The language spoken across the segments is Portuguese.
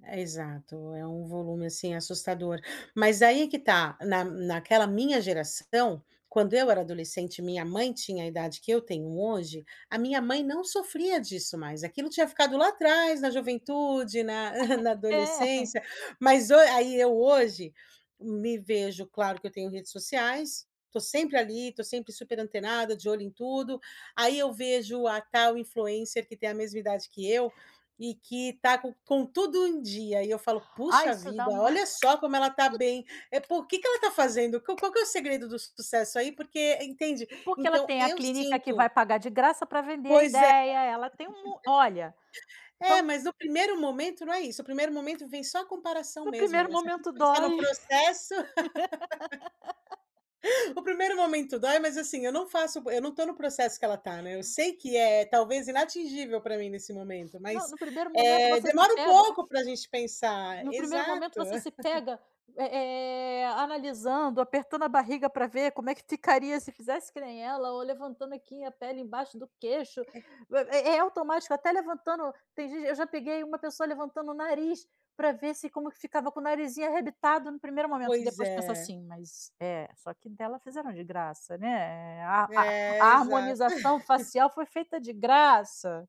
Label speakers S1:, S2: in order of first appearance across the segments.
S1: E exato, é um volume, assim, assustador. Mas, aí é que tá, na naquela minha geração, quando eu era adolescente e minha mãe tinha a idade que eu tenho hoje, a minha mãe não sofria disso, mais. Aquilo tinha ficado lá atrás, na juventude, na na
S2: É.
S1: adolescência. Mas ho aí eu hoje me vejo claro que eu tenho redes sociais, tô sempre ali, tô sempre super antenada, de olho em tudo, aí eu vejo a tal influencer que tem a mesma idade que eu, e que tá com com tudo em dia. E eu falo:
S2: Ah,
S1: "Puxa
S2: isso dá
S1: vida,
S2: um
S1: olha só como ela tá bem. É pô o que que ela tá fazendo? Qual qual que é o segredo do sucesso aí porque" entende.
S2: Porque ela
S1: Então,
S2: tem a
S1: eu
S2: clínica que vai
S1: sinto
S2: pagar de graça pra vender a
S1: Pois é.
S2: ideia, ela tem um mu olha,
S1: É,
S2: são
S1: mas no primeiro momento, não é isso. O primeiro momento vem só a comparação
S2: No
S1: mesmo,
S2: primeiro
S1: né. Se a gente
S2: momento
S1: pensar
S2: dói.
S1: no processo o primeiro momento dói mas, assim, eu não faço bo eu não estou no processo que ela tá, né. Eu sei que é, talvez, inatingível pra mim, nesse momento,
S2: Não,
S1: mas,
S2: no primeiro momento
S1: eh,
S2: você se
S1: demora um
S2: pega
S1: pouco pra gente pensar
S2: no primeiro momento
S1: exato.
S2: voce se pega, eh eh, analisando, apertando a barriga pra ver como é que ficaria se fizesse que nem ela, ou levantando, assim, a pele embaixo do queixo.
S1: É.
S2: É é automático até levantando tem gente eu já peguei uma pessoa levantando o nariz pra ver se como que ficava com o narizinho arrebitado, no primeiro momento e
S1: Pois
S2: depois penso,
S1: é.
S2: assim: "Mas é, só que dela fizeram de graça, né, eh, a a a
S1: É, exato.
S2: harmonização facial foi feita de graça.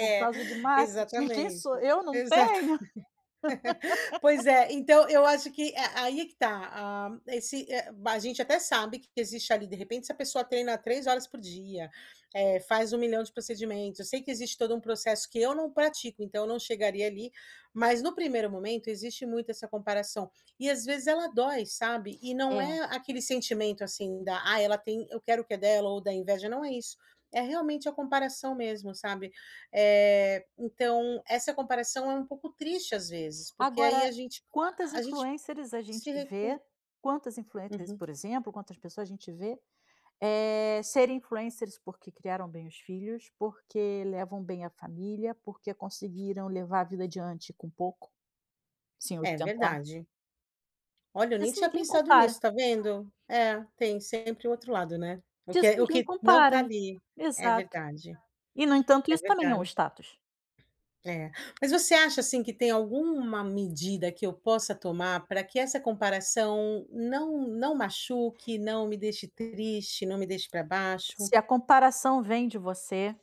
S2: Por causa de marketing quem sou
S1: exatamente.
S2: eu não
S1: Exatamen
S2: tenho!"
S1: Pois é. Então, eu acho que é, aí é que tá, ah, esse é b a gente até sabe que existe ali, de repente, se a pessoa treina 3 horas por dia, eh, faz um milhão de procedimentos eu sei que existe todo um processo que eu não pratico, então, eu não chegaria ali, mas no primeiro momento, existe muito essa comparação. E, às vezes, ela dói, sabe. E não
S2: É.
S1: é aquele sentimento, assim, da "Ai, ela tem, eu quero o que é dela" ou da inveja não é isso. É realmente a comparação mesmo, sabe. Eh, então, essa comparação é um pouco triste, às vezes, porque aí
S2: Agora,
S1: a gente
S2: quantas
S1: a a gente
S2: influencers a gente
S1: se
S2: vê
S1: recu
S2: quantas influencers,
S1: Uhum.
S2: por exemplo, quantas pessoas a gente vê, eh, serem influencers porque criaram bem os filhos, porque levam bem a família, porque conseguiram levar a vida adiante com pouco, sem
S1: É
S2: ostentar.
S1: verdade. Olha, eu nem
S2: Isso
S1: tinha
S2: ninguém
S1: pensado
S2: compara.
S1: nisso, tá vendo. É, tem sempre o outro lado, né. O que
S2: Disso
S1: é o
S2: ninguém
S1: que não tá
S2: compara.
S1: ali. É
S2: Exato.
S1: verdade.
S2: E, no entanto,
S1: É
S2: isso também é um
S1: verdade.
S2: status.
S1: É. Mas, você acha, assim, que tem alguma medida que eu possa tomar pra que essa comparação não não machuque, não me deixe triste, não me deixe pra baixo?
S2: Se a comparação vem de você